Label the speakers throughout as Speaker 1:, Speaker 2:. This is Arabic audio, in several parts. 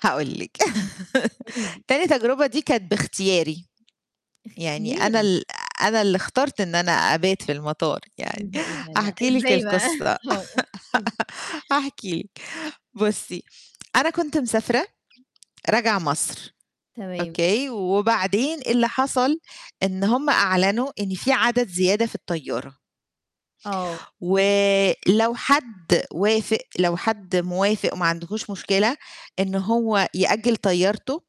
Speaker 1: هاقول لِك
Speaker 2: امم. قولي لي.
Speaker 1: تاني تجربة دي كانت باختياري. يعني أنا
Speaker 2: أختياري!
Speaker 1: ال أنا اللي اخترت إن أنا أبات في المطار
Speaker 2: إيه
Speaker 1: يعني.
Speaker 2: ده، إيه ده. لأ،
Speaker 1: هاحكِ لِك
Speaker 2: إزاي بقى؟
Speaker 1: القِصة
Speaker 2: آه. احكِ لي.
Speaker 1: هاحكِ لِك، بُصّي، أنا كنت مسافرة راجعة مصر،
Speaker 2: تمام.
Speaker 1: أوكي؟ وبعدين إيه اللي حصل، إن هُم أعلنوا إن في عدد زيادة في الطيارة.
Speaker 2: آه.
Speaker 1: ولو حد وافق، لو حد موافق، وما عندهوش مشكلة، إنه هو يأجل طيارته،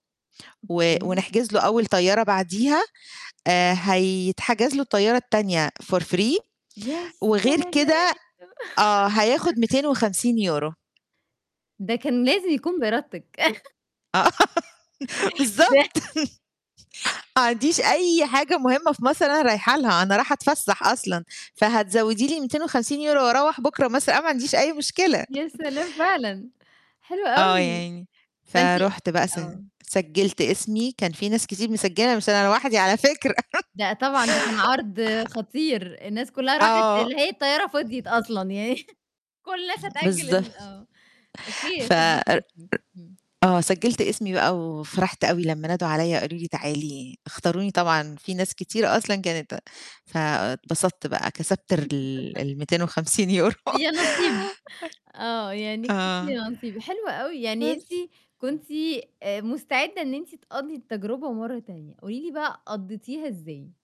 Speaker 1: و
Speaker 2: أوكي.
Speaker 1: ونحجز له أول طيارة بعديها، آآ هيتحجز له الطيارة التانية for free
Speaker 2: يا
Speaker 1: وغير
Speaker 2: سلام.
Speaker 1: كده آه، هياخد ميتين وخمسين يورو
Speaker 2: ده كان لازم يكون بإردتِك.
Speaker 1: آه
Speaker 2: ب
Speaker 1: بالضبط. ما عنديش أي حاجة مهمة في مصر أنا رايح لها، أنا راحة أتفسح أصلًا، فهتزوّدي لي 250€، وأروّح بكره مثلًا، أنا ما عنديش أي مشكلة.
Speaker 2: يا سلام فعلًا. حلو
Speaker 1: آه،
Speaker 2: أوي.
Speaker 1: يعني
Speaker 2: فأنتِ
Speaker 1: فرُحت بقى، س
Speaker 2: آه.
Speaker 1: سجلت اسمي، كان في ناس كتير مسجلة، مش أنا لوحدي على فكرة.
Speaker 2: لأ، طبعًا ده كان عرض خطير، الناس كلّها راحت،
Speaker 1: آه.
Speaker 2: اللي هي الطيارة فضيت أصلًا يعني كلّ الناس هتأجل
Speaker 1: بالضب
Speaker 2: ال آه، أوكي،
Speaker 1: فإ
Speaker 2: سجلتِ
Speaker 1: إ
Speaker 2: اسمِك. امم.
Speaker 1: آه، سجلت اسمي بقى، وفرحت أوي لما نادوا عليّا، وقالوا لي تعالي، اختاروني، طبعًا في ناس كتيرة أصلًا كانت فاتبسطت بقى، كسبت ر ال ال250€
Speaker 2: يانصيب. آه، يعني كسبتِ
Speaker 1: آه،
Speaker 2: يانصيب. حلو أوي، يعني أنتِ
Speaker 1: بس.
Speaker 2: كنتِ مستعدة إن أنتِ تقضي التجربة مرّة تانية، قولي لي بقى، قضيتِها إزاي؟